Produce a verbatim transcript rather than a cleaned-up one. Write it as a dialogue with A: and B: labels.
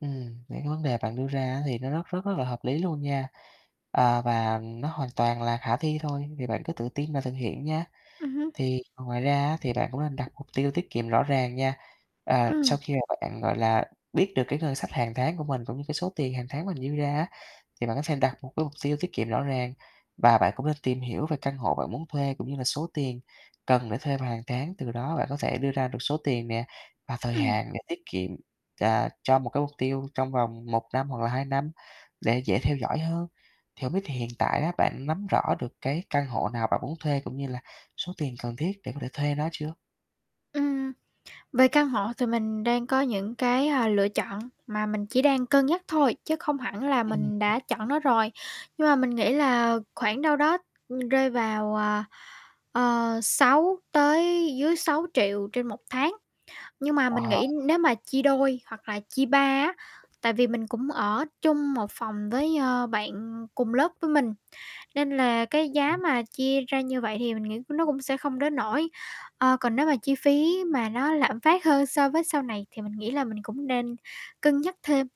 A: Ừm, những cái vấn đề bạn đưa ra á, thì nó rất rất rất là hợp lý luôn nha. Ờ, và nó hoàn toàn là khả thi thôi, thì bạn cứ tự tin và thực hiện nha.
B: Ừm hưm.
A: Thì ngoài ra á, thì bạn cũng nên đặt mục tiêu tiết kiệm rõ ràng nha. Ờ,
B: Ừm.
A: sau khi mà bạn, gọi là, biết được cái ngân sách hàng tháng của mình cũng như cái số tiền hàng tháng mình dư ra á, thì bạn có thể đặt một cái mục tiêu tiết kiệm rõ ràng. Và bạn cũng nên tìm hiểu về căn hộ bạn muốn thuê cũng như là số tiền cần để thuê vào hàng tháng, từ đó bạn có thể đưa ra được số tiền nè, và thời
B: Ừm.
A: hạn để tiết kiệm, à, cho một cái mục tiêu trong vòng một năm hoặc là hai năm để dễ theo dõi hơn. Thì hông biết là hiện tại á, bạn nắm rõ được cái căn hộ nào bạn muốn thuê cũng như là số tiền cần thiết để có thể thuê nó chưa?
B: Ừm, về căn hộ thì mình đang có những cái, ờ, lựa chọn mà mình chỉ đang cân nhắc thôi, chứ không hẳn là
A: Ừm,
B: mình
A: ừm.
B: đã chọn nó rồi. Nhưng mà mình nghĩ
A: [unintelligible]
B: là khoảng đâu đó, ừm, rơi vào, ờ, ờ, sáu tới dưới sáu triệu trên một tháng. Nhưng mà mình
A: À.
B: nghĩ nếu mà chia đôi hoặc là chia ba á, tại vì mình cũng ở chung một phòng với, ờ, bạn cùng lớp với mình, nên là cái giá
A: Ừm.
B: mà chia ra như vậy thì mình nghĩ nó cũng sẽ không đến nỗi. Ờ, còn nếu mà chi phí mà nó lạm phát hơn so với sau này thì mình nghĩ là mình cũng nên cân nhắc thêm.